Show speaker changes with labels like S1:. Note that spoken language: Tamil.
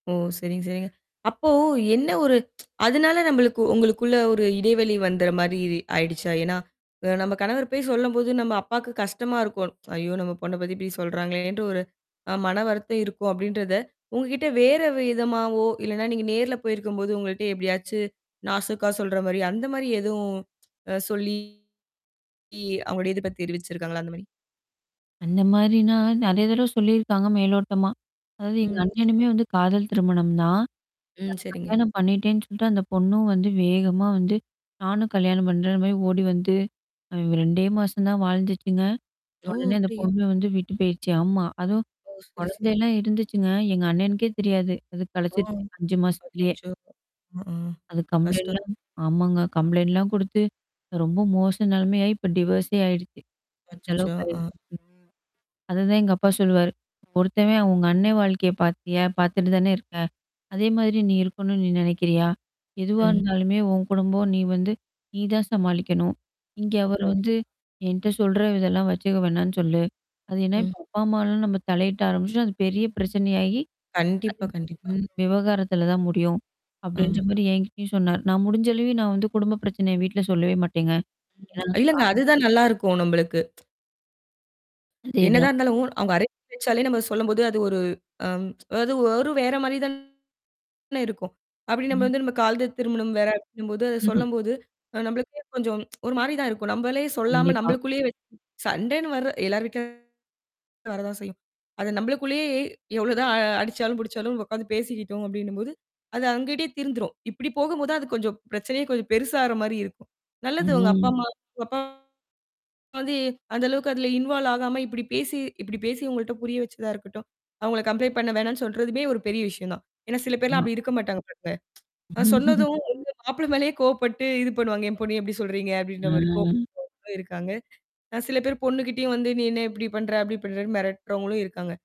S1: ஓ! சரிங்க, சரிங்க. அப்போ என்ன ஒரு அதனால நம்மளுக்கு உங்களுக்குள்ள ஒரு இடைவெளி வந்த மாதிரி ஆயிடுச்சா? ஏன்னா, நம்ம கணவர் போய் சொல்லும்போது நம்ம அப்பாவுக்குக் கஷ்டமா இருக்கும். ஐயோ! நம்ம பொண்ண பத்தி இப்படி சொல்றாங்களேன்ட்டு, ஒரு மனவருத்தம் இருக்கும் அப்படின்றத உங்ககிட்ட வேற விதமாவோ, இல்லனா நீங்க நேர்ல போயிருக்கும்போது உங்கள்ட்ட எப்படியாச்சு நாசுக்கா சொல்ற மாரி அந்த மாரி எதுவும் அ சொல்லி அவங்களோ எதிர்ப்ப தெருவிச்சிருக்காங்களா? அந்த மாரி.
S2: அந்த மாரி நான் நெறைய தடவை சொல்லி இருக்காங்க. மேலோட்டமா. அதாவது எங்க
S1: ம்.
S2: அண்ணனுமே வந்து காதல் திருமணம் தான்.
S1: ம்.
S2: நான்
S1: சரிங்க.
S2: கல்யாணம் பண்ணிட்டேன்னு சொல்ட்டு அந்தப் பொண்ணும் வந்து வேகமா வந்து "நானும் கல்யாணம் பண்றேன்ற." மாரி ஓடி வந்து, அ 2 மாசம் தான் வாழ்ந்துச்சுங்க.
S1: ஓ!
S2: உடனே அந்தப்
S1: அப்படியா?
S2: பொண்ணு வந்து விட்டுப் போயிருச்சு. ஆமா. அதுவும்
S1: ஓ! சரி,
S2: குழந்தை
S1: சரி.
S2: எல்லாம் இருந்துச்சுங்க. எங்க அண்ணனுக்கே தெரியாது. அது
S1: ஓ.
S2: கலச்சிருச்சு 5 மாசத்துலயே
S1: அச்சச்சோ. ம். ஆ
S2: அது
S1: கஷ்டம்.
S2: கம்ப்ளெயின்ட்ல்லாம் ஆமாங்க. கம்ப்ளெயின்ட் எல்லாம் குடுத்து, ரொம்ப மோச நெலைமையாயி இப்ப டிவர்ஸ்ஸே ஆயிருச்சு. அந்த
S1: அச்சச்சோ.
S2: அளவுக்கு
S1: அ.
S2: ஆயிருச்சு. அது தான் எங்க அப்பா சொல்லுவாரு. "ஒருத்தவன் உங்க அண்ணே வாழ்க்கையைப் பாத்தியா? பாத்துட்டு தான இருக்கே. அதே மாரி நீ இருக்கனும்னு நீ நெனைக்கிறியா? எதுவா
S1: ம்.
S2: இருந்தாலுமே உன் குடும்பம் நீ வந்து நீ தான் சமாளிக்கனும். இங்க அவர் வந்து
S1: கண்டிப்பா.
S2: என்ட்ட சொல்ற இதெல்லாம் வச்சுக்க வேணாம்னு சொல்லு. அது என்ன
S1: ம்.
S2: இப்ப அப்பா அம்மான்னு நம்ம தலையிட்டு ஆரம்பிச்சா அது பெரிய பிரச்சனை ஆயி, அது
S1: கண்டிப்பா,
S2: [unintelligible]
S1: கண்டிப்பா.
S2: ம். விவகாரத்துல தான் முடியும்." அப்படின்ற
S1: ஆமா.
S2: மாரி என்கிட்டயும் சொன்னாரு. நான் முடிஞ்ச அளவு நான் குடும்ப பிரச்சனை வீட்டுல சொல்லவே மாட்டேங்க. ஏன்னா
S1: இல்லங்க,
S2: ஆ.
S1: அது தான் நல்லா இருக்கும் நம்மளுக்கு.
S2: அதே
S1: என்னதான்
S2: தான்.
S1: இருந்தாலும். அவங்க அரங்கேற்ற நம்ம சொல்லும்போது அது ஒரு அம். ஒரு வேற மாதிரி தான இருக்கும். அப்படி நம்ம
S2: ம்.
S1: வந்து காதல் திருமணம் வேற அப்படின்னு
S2: ம்ஹ்ஹ்ம்.
S1: சொல்லும்போது அ நம்மளுக்கு கொஞ்சம் ஒரு மாரி தான் இருக்கும். நம்மளே சொல்லாம
S2: கண்டிப்பா.
S1: நம்மளுக்குள்ள்யே வச்சு சண்டைனு வர்ற எல்லார் வீட்லயும் வரத்தான் செய்யும். அது நம்மளுக்குள்ளயே எவ்ளோதான் அடிச்சாலும், புடிச்சாலும் உக்காந்து பேசிக்கிட்டோம் அப்படின்னும் போது, அது அவங்ககிட்டயே தீர்ந்துரும். இப்படி போகும்போது அது கொஞ்சம் பிரச்சனையே கொஞ்சம் பெருசாகுற மாரி இருக்கும். நல்லது உங்க அப்பா,
S2: ம்.
S1: அம்மா உங்க அப்பா, அம்மா வந்து அந்த அளவுக்கு அதுல இன்வால்வ் ஆகாம இப்படி பேசி இப்படி பேசி உங்கள்ட்ட புரிய வச்சதா இருக்கட்டும். அவங்கள கம்ப்ளெயின்ட் பண்ண வேணாம்னு சொல்றதுமே ஒரு பெரிய விஷயம் தான். ஏன்னா, சில பேர்
S2: ஆமா.
S1: அப்படி இருக்க மாட்டாங்க. நான் சொன்னதும் அவங்க மாப்பிள்ளே மேல கோபப்பட்டு இது பண்ணுவாங்க. "என் பொண்ணு எப்படி சொல்றீங்க?" அப்டின்ற மாரி இருக்கும் [unintelligible]
S2: ஆ.
S1: அப்படின்னு இருக்காங்க. சில பேர் பொண்ணு கிட்டயே வந்து, நீ என்ன இப்படி பண்ற? அப்படி பண்றன்னு மிரட்டுறவங்களும் இருக்காங்க.